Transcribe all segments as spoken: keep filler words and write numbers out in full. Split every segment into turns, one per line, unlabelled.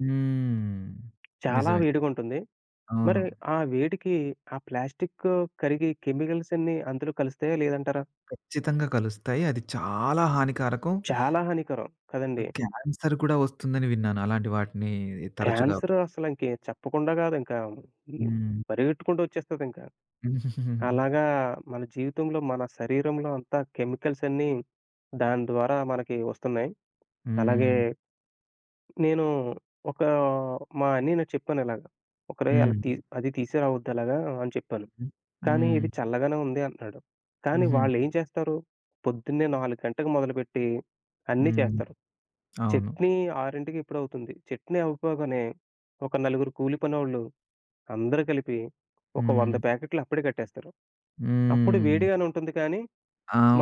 హ్మ్.
చాలా
నిజమే.
వేడిగా ఉంటుంది. మరి
అవును.
ఆ వేడికి ఆ ప్లాస్టీకు కరిగి కెమికల్స్ అన్నీ అందులో కలుస్తాయా, లేదంటారా?
ఖచ్చితంగా కలుస్తాయి. అది చాలా హానికారకం.
చాలా హానికరం. కదండీ!
క్యాన్సర్ కూడా వస్తుందని విన్నాను. అలాంటి వాటిని తరచుగా
క్యాన్సరు అసల ఇంక చెప్పకుండా కాదింక. హ్మ్.
హ్మ్.
పరిగెత్తుకుంటూ వచ్చేస్తుందింక. అలాగా మన జీవితంలో, మన శరీరంలో అంతా కెమికల్స్ అన్నీ దాని ద్వారా మనకి వస్తున్నాయి. అలాగే
హ్మ్.
నేను ఒక మా అన్నయ్యలకి చెప్పానలాగా, "ఒక్కడే, అది
హ్మ్.
తీసు అవి తీసుకురావద్దు అలాగా" అని చెప్పాను. కానీ,
హ్మ్.
"ఇది చల్లగానే ఉంది" అంటున్నాడు. కానీ
హుహు.
వాళ్లేం చేస్తారు? పొద్దున్నే నాలుగు గంటలకి మొదలుపెట్టి అన్నీ
హ్మ్.
చేస్తారు.
అవును.
చట్నీ ఆరింటికెప్పుడొ అవుతుంది. చట్నీ అవ్వపోగానే ఒక నలుగురు కూలిపనోళ్ళు అందరూ కలిపి ఒక వంద
హ్మ్.
ప్యాకెటులు అప్పుడే కట్టేస్తారు. అప్పుడు
హ్మ్.
వేడిగానే ఉంటుంది కానీ,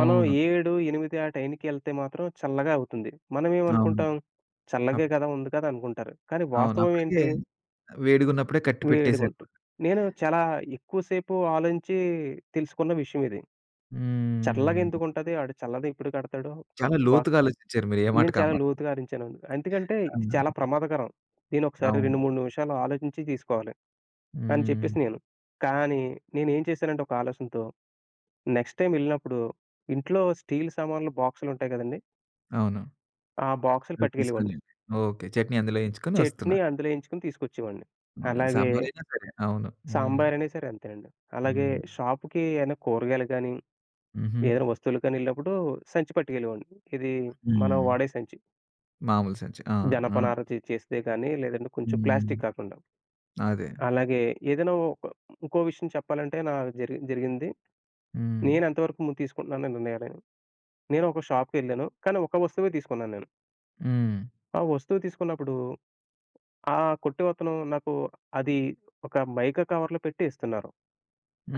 మనం ఏడు ఎనిమిది ఆ టైంకి యెళ్తే మాత్రం చల్లగా అవుతుంది.
అవును.
మనమేమనుకుంటాం? చల్లగే
అప్
గదా ఉంది గదా అనుకుంటారు. కానీ
అవును.
వాస్తవం
అప్పటికే
ఏంటి?
వేడిగున్నప్పుడే కట్టి
వేడిగుంటుంది.
పెట్టేసారనమాట.
నేను చాలా ఎక్కువ సేపు ఆలోచించి తెలుసుకున్న విషయం ఇది. చల్లగా
హ్మ్.
ఎందుకుంటది? ఆడు చల్లదెప్పుడు కడతాడొ
చాలా
బ
లోతుగా ఆలోచిచ్చారు మీరే ఏ
నేను
మాటకి ఆ
చాలా
మాట.
లోతుగా అరించాను. ఎందుకంటే
ఆ!
ఇది చాలా ప్రమాదకరం. నేనొక్కసారి
అవును.
రెండు మూడు నిమిషాలు ఆలోచించి తీసుకోవాలి అని చెప్పేసి
హ్మ్.
నేను. కానీ నేనేం చేశానంటే ఒక ఆలోచనతో, నెక్స్ట్ టైమ్ యెళ్ళినప్పుడు ఇంట్లో స్టీల్ సామానులు బాక్సులుంటాయి కదండీ!
అవును.
ఆ బాక్స్‌లు
అది తీసుకొని
పట్టుకెళ్ళేవాడ్ని.
ఓకే. చట్నీ అందులో యేయించుకొని వస్తున్నా.
చెట్నీ అందులో యెయించుకుని తీసుకొచ్చేవాడిని.
మొగె
అలాగే
సాంబార్ అయినా సరే. అవును. హ్మ్.
సాంబార్ అయిన సరే అంతేనండి. అలాగే
హ్మ్.
షాప్‌కి ఏన్నా కూరగాయలు గాని,
హుహు.
ఏదైనా వస్తువులకి గాని యెళ్ళినప్పుడు సంచి పట్టుకెళ్ళేవాడిని. ఇది మనం
హ్మ్.
వాడే సంచి.
మామూలు సంచి. ఆ! ఆ!
జనపనార‌చె చేస్తే గాని లేదంటే కొంచెం
హ్మ్.
ప్లాస్టిక్కు కాకుండా.
అదే.
అలాగే ఏదైనా ఒక ఇంకో విషయం చెప్పాలంటే నాకు జరిగి జరిగింది.
హ్మ్.
నేనేంత వరకు ము తీసుకుంటున్నానో నిర్ణయాలను, నేనొక షాప్‌ కెళ్ళాను కానీ ఒక వస్తువే తీసుకున్నాన్నేను.
హ్మ్.
ఆ వస్తువు తీసుకున్నప్పుడు ఆ కొట్టవతను నాకు అది ఒక మైకా కవర్‌లో పెట్టి ఇస్తున్నారు.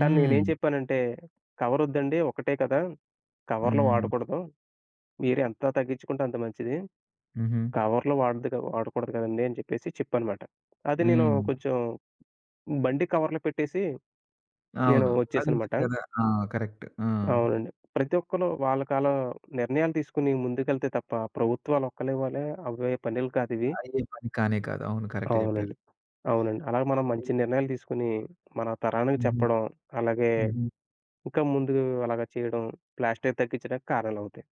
కానీ నేనేం చెప్పానంటే, కవరొద్దండి. ఒకటే కదా! కవరులు
హ్మ్.
వాడకూడదు. మీరెంత తగ్గించుకుంటే అంత మంచిది.
హుహు.
కవర్లు వాడకూడదు కదండీ! అని చెప్పేసి చెప్పానన్నమాట. అది నేను
హ్మ్.
కొంచెం బండి కవర్లో పెట్టేసి నేను
అవును.
వచ్చేసానన్నమాట.
అదుంటుంది కదా. ఆ! కరెక్ట్. ఆ!
అవునండి. ప్రతి ఒక్కళ్ళు వాళ్ళకలా నిర్ణయాలు తీసుకొని ముందుకెళ్తే తప్ప, ప్రభుత్వాలు ఒక్కలే వల్లే అవ్వే పనులు కాదువి.
అయ్యే పని కానే కాదు. అవును. కరెక్ట్ చెప్పారు.
అవునండి. అవునండి. అలాగ మనం
[unintelligible]
మంచి నిర్ణయాలు తీసుకొని మన తరానికి
హుహు.
చెప్పడం, అలాగే
హుహు.
ఇంకా ముందు అలాగా చేయడం ప్లాస్టికు తగ్గిచ్చడానికి కారణాలవుతాయి.